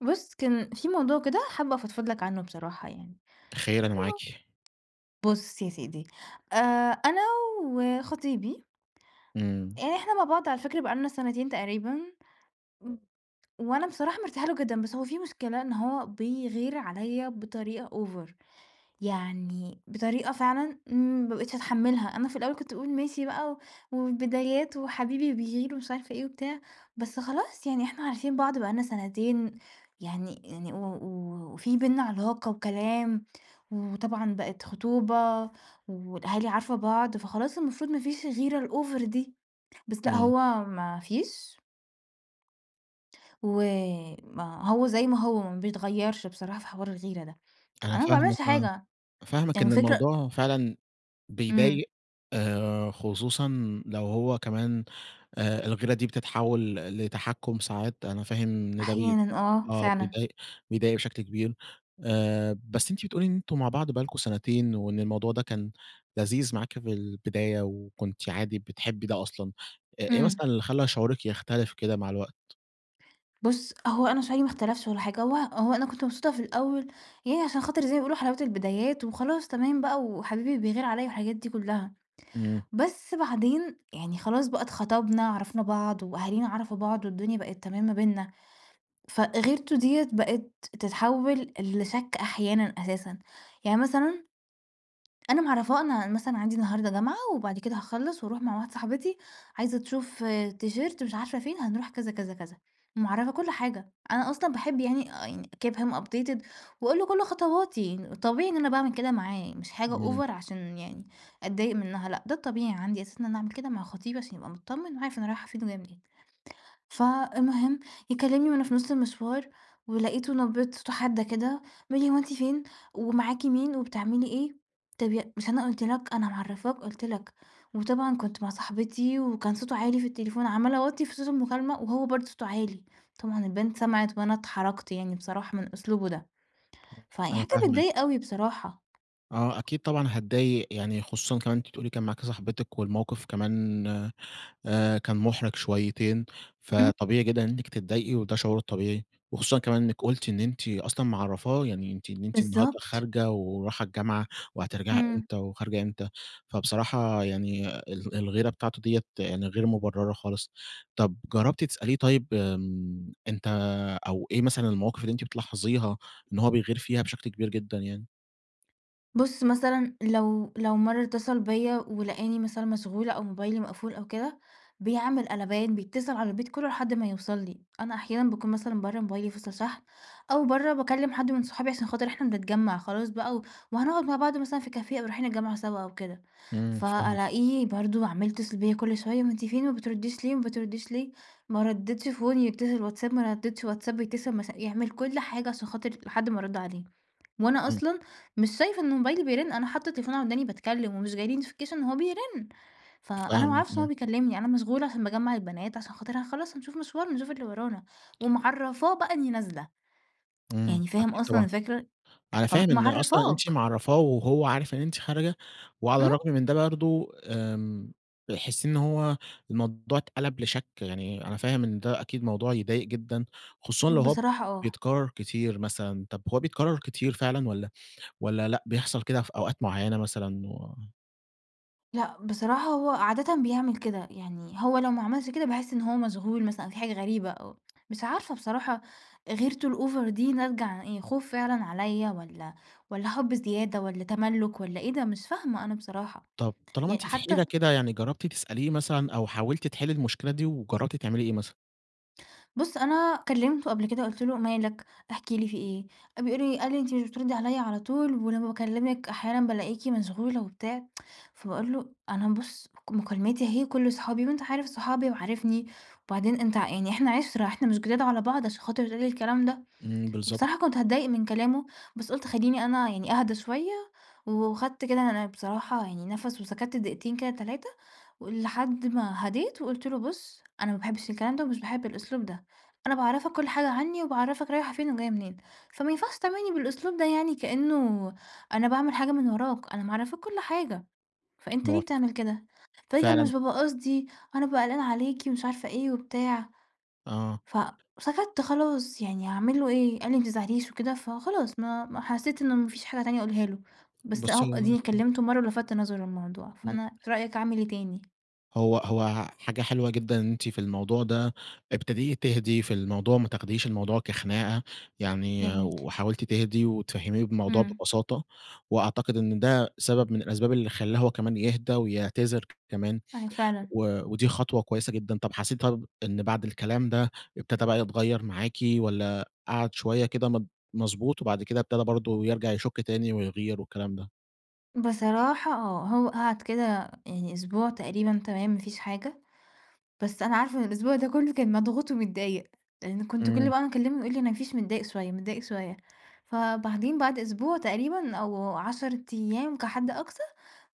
بُص، كان في موضوع كده حابة أفضفض لك عنه بصراحة يعني. خير؟ أنا [unintelligible] معاكِ. بُص يا سيدي آآ، أنا وخطيبي امم. إحنا مع بعض على فكرة بقى لنا سنتين تقريبًا. [unintelligible] وأنا بصراحة مرتاحة له جدًا، بس هو في مشكلة إن هو بيغير عليّا بطريقة أوڤر، يعني بطريقة فعلًا ما بقيتش اتحمّلها. أنا في الأول كنت باقول ماشي بقى والبدايات وحبيبي بيغير ومش عارفة إيه وبتاع، بس خلاص يعني إحنا عارفين بعض بقى لنا سنتين يعني يعني و وفي بيننا علاقة وكلام، وطبعًا بقت خطوبة والأهالي عارفة بعض، فخلاص المفروض ما فيش الغيرة الأوڤر دي، بس لأ آمم. هو ما فيش. وما هو زي ما هو، ما بيتغيرش بصراحة في حوار الغيرة ده. أنا أنا ما فاهمكِ باعملش آه، حاجة. فاهمكِ يعني إن الفكرة الموضوع فعلًا آمم. بيضايق آآ، خصوصًا لو هو كمان آآ، الغِيرة دي بتتحوّل ل لتحكم ساعات. أنا فاهم إن ده بـي أحيانًا آه، آه، فعلًا. بيضايق بيضايق بشكل كبير آآ، بس أنتِ بتقولي إن أنتم مع بعض بقى لكم سنتين، وإن الموضوع ده كان لذيذ معاكِ في البداية وكنتِ عادي بتحبي ده أصلًا. إ إيه آمم. مثلًا اللي خلّى شعوركِ يختلف كده مع الوقت؟ بُص، هو أنا شعوري ما إختلفش ولا حاجة، هو هو أنا كنت مبسوطة في الأوّل، يعني عشان خاطر زي ما بيقولوا حلاوة البدايات وخلاص تمام بقى وحبيبي بيغير عليَّ والحاجات دي كُلّها. إمم. بس بعدين يعني خلاص بقى اتخطبنا، عرَفنا بعض، وأهالينا عرَفوا بعض، والدنيا بقِت تمام ما بيننا. فغِيرته دِيَّة بقت تتحوَّل لشَك أحيانًا، أساسًا يعني مثلًا، أنا معرّفاه، أنا مثلًا عَندي النهارده جامعة، وبعد كده هاخلّص وأروّح مع واحدة صاحبتي، عايزة تشوف تيشيرت مش عارفة فين، هنروح كذا، كذا، كذا، معرّفاه كل حاجة، أنا أصلًا باحب يعني، آآ give him updated، وأقول له كُل خطواتي، طبيعي إن أنا باعمل كده معاه، مش حاجة إمم. over عشان يعني أتضايق منها، لأ، ده الطبيعي عندي أساسًا إن أنا أعمل كده مع خطيبي، عشان يبقى متطمّن وعارف أنا رايحة فين وجاية منين. فالمهم يكلّمني وأنا في نُص المشوار، ولقيته نبرة صوته حادة كده، بيقول لي: "هو أنتِ فين ومعاكِ مين وبتعملي إيه؟" طَب ي مش أنا قُلت لك، أنا معرّفاك، قلت لك، وطبعًا كنت مع صاحبتي، وكان صوته عالي في التليفون، عمّالة اوطّي في صوت المكالمة، وهو برضه صوته عالي، طبعًا البنت سمَعت وأنا اتحرَجت، يعني بصراحة من أسلوبه ده. فيعني أنا حاجة فاهمِك. بتضايق أوي بصراحة. آه أكيد طبعًا هاتضايق، يعني خصوصًا كمان أنتِ بتقولي كان معاكِ صحبتِك والموقِف كمان آآ كان مُحرِج شويّتين، امم. فطبيعي جدًا إنّك تتضايقي، وده شعور طبيعي، وخصوصًا كمان إنِّك قلتِ إن أنتِ أصلًا معرّفاه، يعني أنتِ إن أنتِ النهارده بالضبط. خارجة وراحه الجامعة وهترجَعي إمم. إمتى وخارجة إمتى، فبصراحة يعني ال الغيرة بتاعته دِيَّة يعني غِير مُبرّرة خالص. طَب جرّبتِ تسأليه طيب آمم أنت أو إيه مثلًا المواقف اللي أنتِ بتلاحظيها إن هو بيغِير فيها بشكل كبير جدًا يعني؟ بُص، مثلا لو لو مرّة اتّصل بيّا ولقاني مثلا مشغولة أو موبايلي مقفول أو كده، بيعمل قلبان، بيتصل على البيت كُلّه لحد ما يوصل لي. أنا أحيانًا باكون مثلًا برّه، موبايلي فصل شحن أو برّه باكلّم حد من صحابي عشان خاطر إحنا بنتجمّع خلاص بقى و وهنقعد مع بعض مثلا في كافية أو رايحين الجامعة سوا أو كده، إمم. فاهمِك. فألاقيه برضه عَمّال يتّصل بيّا كل شوية "وأنتِ فين وما بتردّيش ليه، وما بتردّيش ليه؟" ما ردِّتش phone يتّصل واتساب، ما ردِّتش واتساب يتّصل مث يعمل كل حاجة عشان خاطر لحد ما أرُد عليه. وأنا إمم. أصلًا مش شايفة إنه موبايلي بيرن، أنا حاطّة التليفون على وداني باتكلّم ومش جاي لي notification إن هو بيرن. فأنا ما فاهمِك، أعرفش إن آه. هو بيكلّمني، أنا مشغولة عشان باجمّع البنات عشان خاطر ه خلاص هنشوف مشوارن نشوف اللي ورانا، ومعرّفاه بقى إنّي نازلة، إمم، يعني فاهم أكيد أصلًا طبعًا. الفكرة؟ أنا فَم فاهم إن أصلًا أنتِ معرّفاك. معرّفاه وهو عارف إن أنتِ خارجة، وعلى إمم. الرغم من ده برضه آمم، بيحس إن هو الموضوع اتقلب لشَك، يعني أنا فاهم إن ده أكيد موضوع يضايق جدًا، خصوصًا لو هو بصراحة آه. بيتكرّر كتير مثلًا. طب هو بيتكرّر كتير فعلًا والّا والّا لأ، بيحصل كده في أوقات معيّنة مثلًا و لأ، بصراحة هو عادةً بيعمل كده، يعني هو لو ما عملش كده باحسّ إن هو مشغول مثلًا أو في حاجة غريبة أو مش عارفة بصراحة غِيرتُه الأوڤر دي ناتجة عن إيه؟ خوف فعلًا عليَّ والّا والّا حُب زيادة والّا تملُّك والّا إيه ده؟ مش فاهمة أنا بصراحة، طَب طالما ي أنتِ في حتى حيرة كده يعني، جرّبتِ تسأليه مثلًا أو حاولتِ تحلّي المشكلة دي، وجرّبتِ تعملي إيه مثلًا؟ بُص أنا كلّمته قبْل كده قُلت له: "مالك؟ احكِ لي في إيه." بيقول لي قال لي: "أنتِ مش بتردّي عليَّ على طول ولمّا باكلّمِك أحيانًا بالاقيكِ مشغولة وبتاع." فباقول له: "أنا بُص، مكالماتي أهي وكُلّه صحابي وأنت عارف صحابي وعارفني وبعدين أنت ع يعني إحنا عِشرة، إحنا مش جداد على بعض عشان خاطر تقول لي الكلام ده." إمم، بالضبط. بصراحة كنت هاتضايق من كلامه بس قُلت خلّيني أنا يعني أهدى شويّة و وخدت كده أنا بصراحة يعني نفَس وسكتّ دقيقتين كده، 3 ولحد ما هدِيت وقُلت له: "بُص، أنا ما باحبش الكلام ده ومش باحب الأسلوب ده، أنا باعرّفك كل حاجة عني وباعرّفك رايحة فين وجاية منين، فما ينفعش تعاملني بالأسلوب ده يعني كأنه أنا باعمل حاجة من وراك، أنا معرّفاك كُل حاجة فأنت ليه [unintelligible] بتعمل كده؟" فقال لي: "أنا مش .فعلًا بابقى قصدي، أنا بابقى قلقان عليكِ" ومش عارفة إيه وبتاع. آه. فسَكَتّ خلاص يعني هاعمل له إيه؟ قال لي: "ما تزعليش" وكده فخلاص ما ما حسّيت إنه ما فيش حاجة تانية أقولها له. بس أهو بُصي أدِيني [unintelligible] كلّمته مرة ولفَتَّ نظره للموضوع، فأنا في [unintelligible] رأيك أعمل إيه تاني؟ هو هو حاجة حلوة جدًا إن أنتِ في الموضوع ده، ابتديتِ تهدي في الموضوع، ما تاخديش الموضوع كخناقة، يعني جميل. وحاولتِ تهدي وتفهميه الموضوع إمم. ببساطة، وأعتقد إن ده سبب من الأسباب اللي خَلَّاه هو كمان يهدى ويعتذر كمان، أيوه، فعلًا. و ودي خطوة كويّسة جدًا. طب حسيتِ طب إن بعد الكلام ده ابتدى بقى يتغيّر معاكِ؟ والّا قّعد شويّة كده مض مضبوط، وبعد كده ابتدى برضو يرجع يشُك تاني ويغير والكلام ده؟ بصراحة آه، هو قَعد كده يعني أسبوع تقريبًا تمام ما فيش حاجة، بس أنا عارفة إن الأسبوع ده كُلّه كان مضغوط ومتضايق، لإن كنت كل إمم. بَقي ما أكلّمه يقول لي: "ما فيش متضايق شوية، متضايق شوية". فبعدين بَعد أسبوع تقريبًا أو 10 أيام كحد أقصى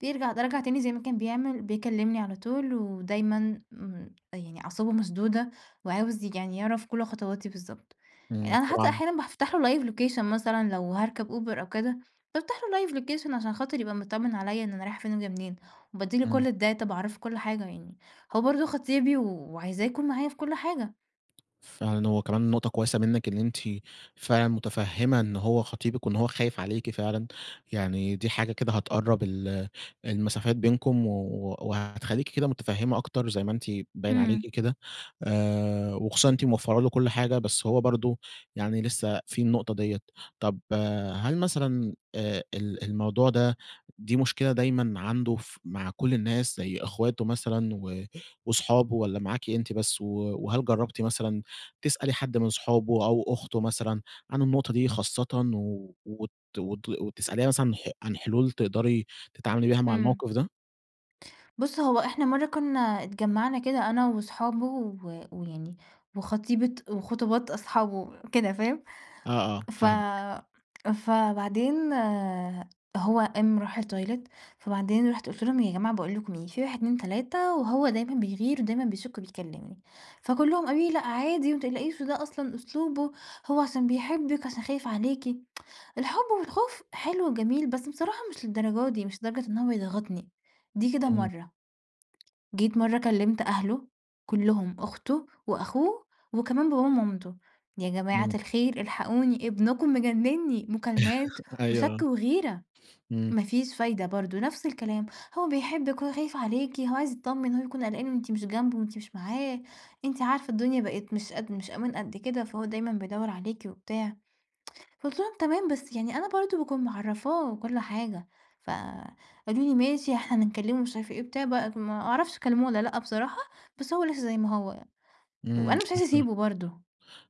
بيرجع، ده رجع تاني زي ما كان بيعمل، بيكلّمني على طول ودايمًا م يعني أعصابه مشدودة، وعاوز يج يعني يعرف كل خطواتي بالضبط. يعني إمم، أنا حتى طبعًا. أحيانًا بافتح له live location مثلًا لو هاركب Uber أو كده، بافتح له live location عشان خاطر يبقى مطمّن عليّا إن أنا رايحة فين و جاية منين، وباديّله إمم. كل الdata باعرفه كُل حاجة يعني. هو برضو خطيبي وعايزاه يكون معايا في كل حاجة. فعلًا هو كمان نقطة كويسة منِك إن أنتِ، فعلًا متفهّمة إن هو خطيبك وإن هو خايف عليكِ فعلًا، يعني دي حاجة كده هتقرب ال المسافات بينكم و وهتخلّيكِ كده متفهّمة أكتر زي ما أنتِ باين إمم. عليكِ كده، آآ وخصوصًا إن أنتِ موفّرة له كل حاجة بس هو برضه، يعني لسه فيه النقطة ديّة، طب هل مثلًا آآ ال الموضوع ده، دي مشكلة دايمًا عنده ف مع كُل الناس، زي أخواته مثلًا و واصحابه والّا معاكِ أنتِ بس؟ و وهل جربتِ مثلًا، تسألي حد من صحابه أو أخته مثلًا، عن النقطة دي خاصةً و وت وت وتسأليها مثلًا ح عن حلول تقدري تتعاملي بيها مع إمم. الموقف ده؟ بُص هو إحنا مرة كنا اتجمعنا كده أنا واصحابه، و ويعني وخطيبة وخطوبات أصحابه، كده فاهم؟ آه، آه، ف فاهمِك. فبعدين هو قام راح الToilet فبعدين رُحت قلت لهم يا جماعة باقول لكم إيه، في 1، 2، 3 وهو دايمًا بيغير ودايمًا بيشك وبيكلّمني، فكُلّهم قالوا لي: "لأ عادي وما تقلقيش وده أصلًا أسلوبه، هو عشان بيحبِّك عشان خايف عليكِ" الحب والخوف حلو جميل، بس بصراحة مش للدرجة دي مش لدرجة إن هو يضغطني، دي كده إمم. مَرّة، جيت مَرّة كلِّمت أهله، كُلّهم أخته وأخوه وكمان باباه ومامته، "يا جماعة إمم. الخير إلحقوني، ابنكم مجنّني، مكالمات أيوه وشَك آه. وغيرة،" إمم. ما فيش فايدة برضه نفْس الكلام، "هو بيحبِّك هو خايف عليكِ هو عايز يتطمّن هو يكون قلقان وأنتِ مش جنبه، وأنتِ مش معاه، أنتِ عارفة الدنيا بقِت مش قد مش أمان قد كده فهو دايمًا بيدوّر عليكِ وبتاع،" فقُلت لهم "تمام بس يعني أنا برضه باكون معرّفاه كُل حاجة،" فقالوا لي: "ماشي إحنا هنكلّمه" مش عارفة إيه وبتاع بقت ما أعرفش كلّموه والّا لأ بصراحة بس هو لسه زي ما هو، إمم. وأنا مش عايزة [unintelligible] أسيبه برضه.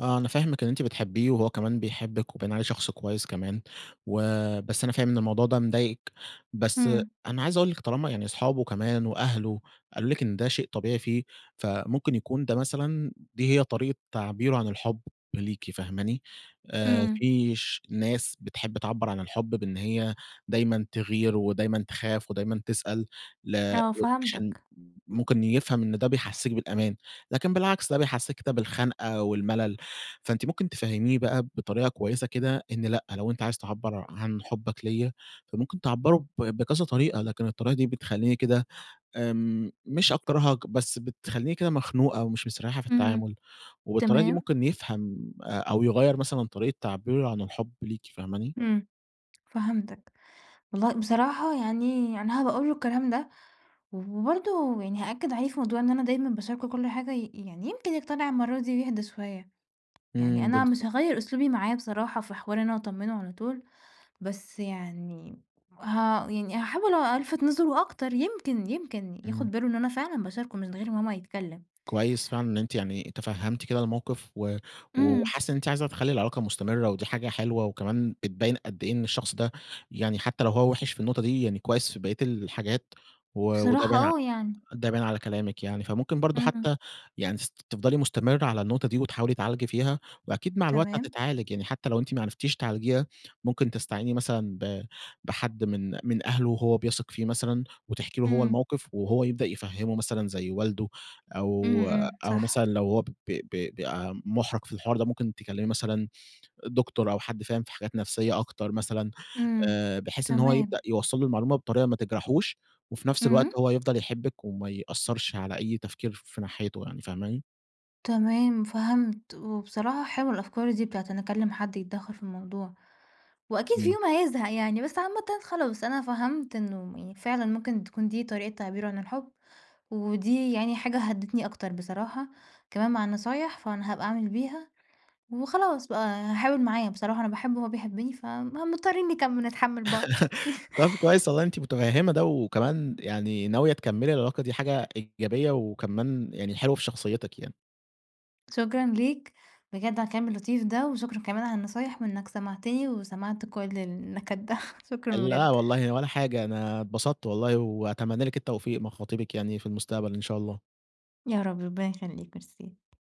آه، أنا فاهمِك إن أنتِ بتحبّيه وهو كمان بيحبِّك وباين عليه شخص كويّس كمان، وبس أنا فاهم إن الموضوع ده مضايقِك، بس إمم. أنا عايز أقول لِك طالما يعني أصحابه كمان وأهله، قالوا لِك إن ده شيء طبيعي فيه، فممكن يكون ده مثلًا دي هي طريقة تعبيره عن الحُب ليكِ فاهماني؟ آآ إمم. في ش ناس بتحب تعبّر عن الحُب بإن هيّ دايمًا تغير، ودايمًا تخاف ودايمًا تسأل، ل آه عشان فهمتك. ممكن يفهم إن ده بيحسّسِك بالأمان، لكن بالعكس ده بيحسّسِك كده بالخنقة والملل، فأنتِ ممكن تفهّميه بقى بطريقة كويسة كده، إن لأ لو أنت عايز تعبّر عن حُبّك ليّا فممكن تعبّرُه ب بكذا طريقة، لكن الطريقة دي بتخلّيني كده آمم مش أكرهك، بس بتخلّيني كده مخنوقة ومش مستريحة في إمم، التعامل، وبالطريقة دي تمام. ممكن يفهم، أ أو يغيّر مثلًا طريقة تعبيرُه عن الحب ليكِ، فاهماني؟ إمم، فهمتك، والله بصراحة يعني أنا هابقى اقول له الكلام ده، و وبرضه يعني هأكّد عليه في موضوع إن أنا دايمًا باشاركهُ كل حاجة ي يعني يمكن يقتنع المَرّة دي ويهدى شويّة، يعني إمم أنا مش بالضبط. هاغيّر أسلوبي معاه بصراحة في حوار إن أنا أطمّنه على طول، بس يعني، ه يعني هاحاول ألفت نظره أكتر يمكن يمكن إمم. ياخد باله إن أنا فعلًا باشاركه من غير ما هو ما يتكلم. كويس فعلًا إن أنتِ يعني تفهّمتِ كده الموقف، و إمم. وحاسّة إن أنتِ عايزة تخلّي العلاقة مستمرة، ودي حاجة حلوة وكمان بتبيّن قد إيه إن الشخص ده، يعني حتّى لو هو وحِش في النقطة دي يعني كويّس في بقية الحاجات، و وده بصراحة باين ع آه يعني. ده بان على كلامِك يعني، فممكن برضه إمم. حتّى يعني تس تفضلي مستمرة على النقطة دي، وتحاولي تعالجي فيها، وأكيد مع الوقت تمام. هتتعالج يعني حتّى لو أنتِ ما عرفتيش تعالجيها، ممكن تستعيني مثلًا ب بحد من من أهله هو بيثق فيه مثلًا، وتحكي له هو إمم. الموقف، وهو يبدأ يفهمّه مثلًا زي والده، إمم، أو إمم. أو مثلًا صح. لو هو ب ب بيبقى محرج في الحوار ده، ممكن تكلّمي مثلًا Doctor أو حد فاهم في حاجات نفسية أكتر مثلًا، إمم، آآ بحيث إن هو تمام. يبدأ يوصّل له المعلومة بطريقة ما تجرحوش، وفي نفْس الوقت إمم. هو يفضل يحبِّك وما يأثّرش على أي تفكير في ناحيته يعني، فاهماني؟ تمام فهمت، وبصراحة حلوة الأفكار دي بتاعة إن أكلّم حد يتدخّل في الموضوع، وأكيد في إمم. يوم هيزهق يعني، بس عامةً خلاص أنا فهمت إنه فعلًا ممكن تكون دي طريقة تعبيرُه عن الحُب، ودي يعني حاجة هدّتني أكتر بصراحة، كمان مع النصايح فأنا هابقى أعمل بيها، وخلاص بقى هاحاول معاه بصراحة أنا باحبّه وهو بيحبّني فم مضطرين نكم نتحمّل بعض. طب كويّس والله أنتِ متفهّمة ده، وكمان يعني ناوية تكملي العلاقة دي حاجة إيجابية، وكمان يعني حلوة في شخصيتِك يعني. شكرًا ليك، بجد على الكلام اللطيف ده، وشكرًا كمان على النصايح، وإنك سمعتني وسمعت كل النكد ده، شكرًا لا بجد. والله ولا حاجة، أنا اتبسطت والله، وأتمنى لِك التوفيق مع خطيبِك يعني في المستقبل إن شاء الله. يا رب ربنا يخليك، ميرسي.